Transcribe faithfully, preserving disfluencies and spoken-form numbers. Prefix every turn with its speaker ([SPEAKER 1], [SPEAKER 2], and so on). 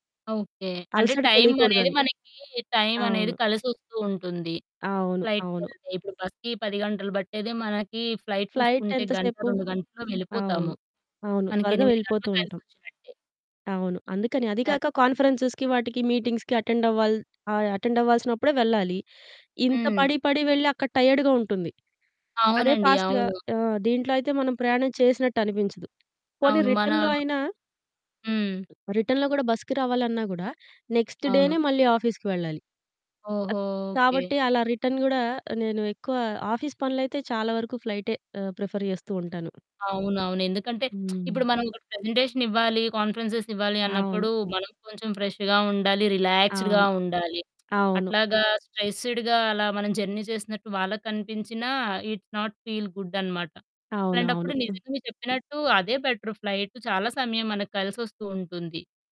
[SPEAKER 1] Okay. అంటే
[SPEAKER 2] అలసట
[SPEAKER 1] time అనేది
[SPEAKER 2] తెలీకూడదని.
[SPEAKER 1] మనకి టైం అనేది
[SPEAKER 2] అవును.
[SPEAKER 1] కలిసొస్తూ ఉంటుంది
[SPEAKER 2] అవును.
[SPEAKER 1] ఫ్లైట్‌కి
[SPEAKER 2] అవును.
[SPEAKER 1] ఎళ్తే. ఇప్పుడు బస్‌కి పది గంటలు పట్టేది మనకి ఫ్లైట్
[SPEAKER 2] ఫ్లైట్
[SPEAKER 1] చూసుకుంటే గంట
[SPEAKER 2] ఎంతసేపు?
[SPEAKER 1] రెండు గంటల్లో వెళ్ళిపోతాము.
[SPEAKER 2] అవును. అవును.
[SPEAKER 1] మనకి
[SPEAKER 2] త్వరగా
[SPEAKER 1] ఎనిమిది
[SPEAKER 2] వెళ్ళిపోతూ
[SPEAKER 1] గంటలు
[SPEAKER 2] ఉంటాం.
[SPEAKER 1] కలిసొచ్చినట్టే.
[SPEAKER 2] అవును. అందుకని. అదీ కాక కాన్ఫరెన్సెస్‌కి వాటికి మీటింగ్స్‌కి అటెండ్ అవ్వాల్ ఆహ్, అటెండ్ అవ్వాల్సినప్పుడే వెళ్ళాలి. ఇంత
[SPEAKER 1] హ్మ్.
[SPEAKER 2] పడి పడి వెళ్ళి అక్కడ టైర్డ్‌గా ఉంటుంది. అదే
[SPEAKER 1] అవునండి.
[SPEAKER 2] ఫాస్ట్‌గా
[SPEAKER 1] అవును.
[SPEAKER 2] ఆహ్, దీంట్లో అయితే మనం ప్రయాణం చేసినట్టు అనిపించదు. పోనీ
[SPEAKER 1] అవును. మన
[SPEAKER 2] రిటర్న్‌లో అయినా
[SPEAKER 1] హ్మ్.
[SPEAKER 2] రిటర్న్‌లో కూడా బస్‌కి రావాలన్నా కూడా నెక్స్ట్ డేనే
[SPEAKER 1] అవును.
[SPEAKER 2] మళ్ళీ ఆఫీస్‌కి వెళ్ళాలి.
[SPEAKER 1] ఓహో! ఓకే.
[SPEAKER 2] కాబట్టి అలా రిటర్న్ కూడా నేను ఎక్కువ ఆఫీస్ పనులైతే చాలా వరకు ఫ్లైటే ఆహ్, ప్రిఫర్ చేస్తూ ఉంటాను.
[SPEAKER 1] అవునవును. ఎందుకంటే
[SPEAKER 2] హ్మ్.
[SPEAKER 1] ఇప్పుడు మనం ఒకటి ప్రజెంటేషన్ ఇవ్వాలి కాన్ఫరెన్సెస్ ఇవ్వాలి
[SPEAKER 2] అవును.
[SPEAKER 1] అన్నప్పుడు మనం కొంచెం ఫ్రెష్‌గా ఉండాలి. రిలాక్స్‌డ్‌గా
[SPEAKER 2] అవును.
[SPEAKER 1] ఉండాలి.
[SPEAKER 2] అవును.
[SPEAKER 1] అట్లాగా స్ట్రెస్‌డ్‌గా అలా మనం జర్నీ చేసినట్టు వాళ్ళకి కనిపించినా ఇట్స్ నాట్ ఫీల్ గుడ్ అన్నమాట. అలాంటప్పుడు
[SPEAKER 2] అవునవును.
[SPEAKER 1] నిజంగా మీరు చెప్పినట్టు అదే బెటరు ఫ్లైట్ చాలా సమయం మనకు కలిసొస్తూ ఉంటుంది.